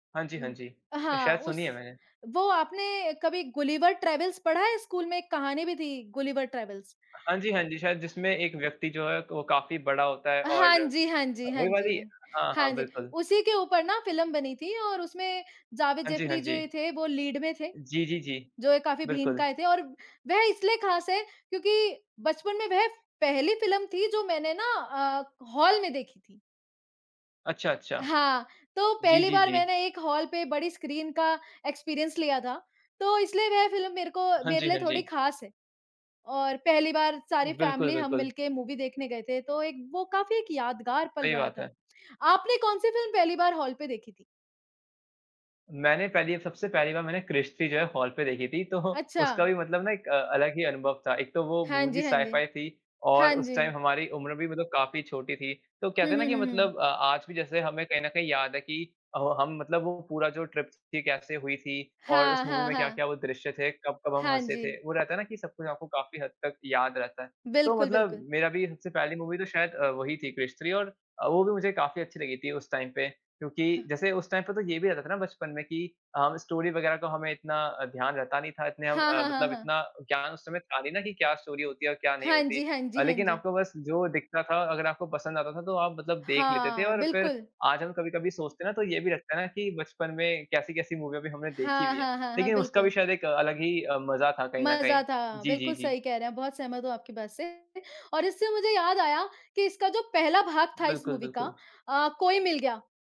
हाँ जी, हाँ हुँ। जी। अ, हाँ, शायद सुनी उस है मैंने। वो आपने कभी गुलिवर ट्रैवल्स पढ़ा है स्कूल में? एक कहानी भी थी गुलिवर ट्रैवल्स। हाँ जी, हाँ जी। शायद जिसमे एक व्यक्ति जो है वो काफ़ी बड़ा होता है हाँ और जी, हाँ जी। हाँ वो जी, वाली हाँ, हाँ हाँ जी। बिल्कुल। उसी के ऊपर ना फ़िल्म बनी थी और उसमें जावेद हाँ जी, हाँ जाफ़री जो जी। थे वो लीड में थे। जी, जी, जी। जो ये काफ़ी बिल्कुल। भीमकाय थे और वह इसलिए ख़ास है क्योंकि बचपन में वह पहली फ़िल्म थी जो मैंने ना अ, हॉल में देखी थी। अच्छा, अच्छा। हाँ, तो जी, पहली जी, बार जी। मैंने एक हॉल पे बड़ी स्क्रीन का एक्सपीरियंस लिया था। तो इसलिए वह फ़िल्म मेरे को हाँ मेरे जी, लिए हाँ थोड़ी जी। ख़ास है। और पहली बार सारी बिल्कुल, फैमिली हम बिल्कुल। मिलके मूवी देखने गए थे तो एक वो काफ़ी एक यादगार पल सही रहा बात था। है। आपने कौन-सी फ़िल्म पहली बार हॉल पे देखी थी? मैंने पहली सबसे पहली बार मैंने क्रिश थ्री जो है हॉल पे देखी थी। तो उसका अच्छा। भी मतलब ना एक अलग ही अनुभव था। एक तो वो हाँ मूवी भी जी, हाँ जी। साइ-फाइ थी और हाँ उस जी। टाइम हमारी उम्र भी मतलब काफ़ी छोटी थी तो हुँ, कहते है ना हुँ, कि हुँ, हुँ। मतलब अ, आज भी जैसे हमें कहीं न कहीं याद है कि अ, हम मतलब वो पूरा जो ट्रिप थी कैसे हुई थी और उस हाँ, मूवी हाँ, में हाँ। क्या-क्या वो दृश्य थे कब-कब हम हाँ हँसे थे। जी। वो रहता है ना कि सब कुछ आपको काफ़ी हद तक याद रहता है। तो बिल्कुल, मतलब बिल्कुल। मेरा भी सबसे पहली मूवी तो शायद अ, वही थी क्रिश थ्री और वो भी मुझे काफ़ी अच्छी लगी थी उस टाइम पे। क्योंकि हाँ। जैसे उस टाइम पे तो ये भी रहता था ना बचपन में कि अ, स्टोरी वग़ैरह का हमें इतना ध्यान रहता नहीं था इतने अब हाँ, अ, हाँ, हाँ, मतलब हाँ। इतना ज्ञान उस समय था नहीं ना, कि क्या स्टोरी होती है? और क्या नहीं हाँ होती? जी, हाँ जी, हाँ लेकिन जी। आपको बस जो दिखता था अगर आपको पसंद आता था तो आप मतलब देख लेते थे हाँ, और फ़िर बिल्कुल। आज हम कभी-कभी सोचते हैं ना तो ये भी लगता है ना कि बचपन में कैसी-कैसी मूवी हमने देखी हाँ, हुई हैं हाँ, हाँ, हाँ। लेकिन उसका भी बिल्कुल। शायद एक अलग ही मज़ा था कहीं न कहीं। मज़ा था, जी, जी, बिल्कुल जी। सही कह रहे हैं बहुत सहमत हूँ आपकी बात से, और इससे मुझे याद आया कि इसका जो पहला भाग था इस बिल्कुल, मूवी का बिल्कुल। अ, कोई मिल गया।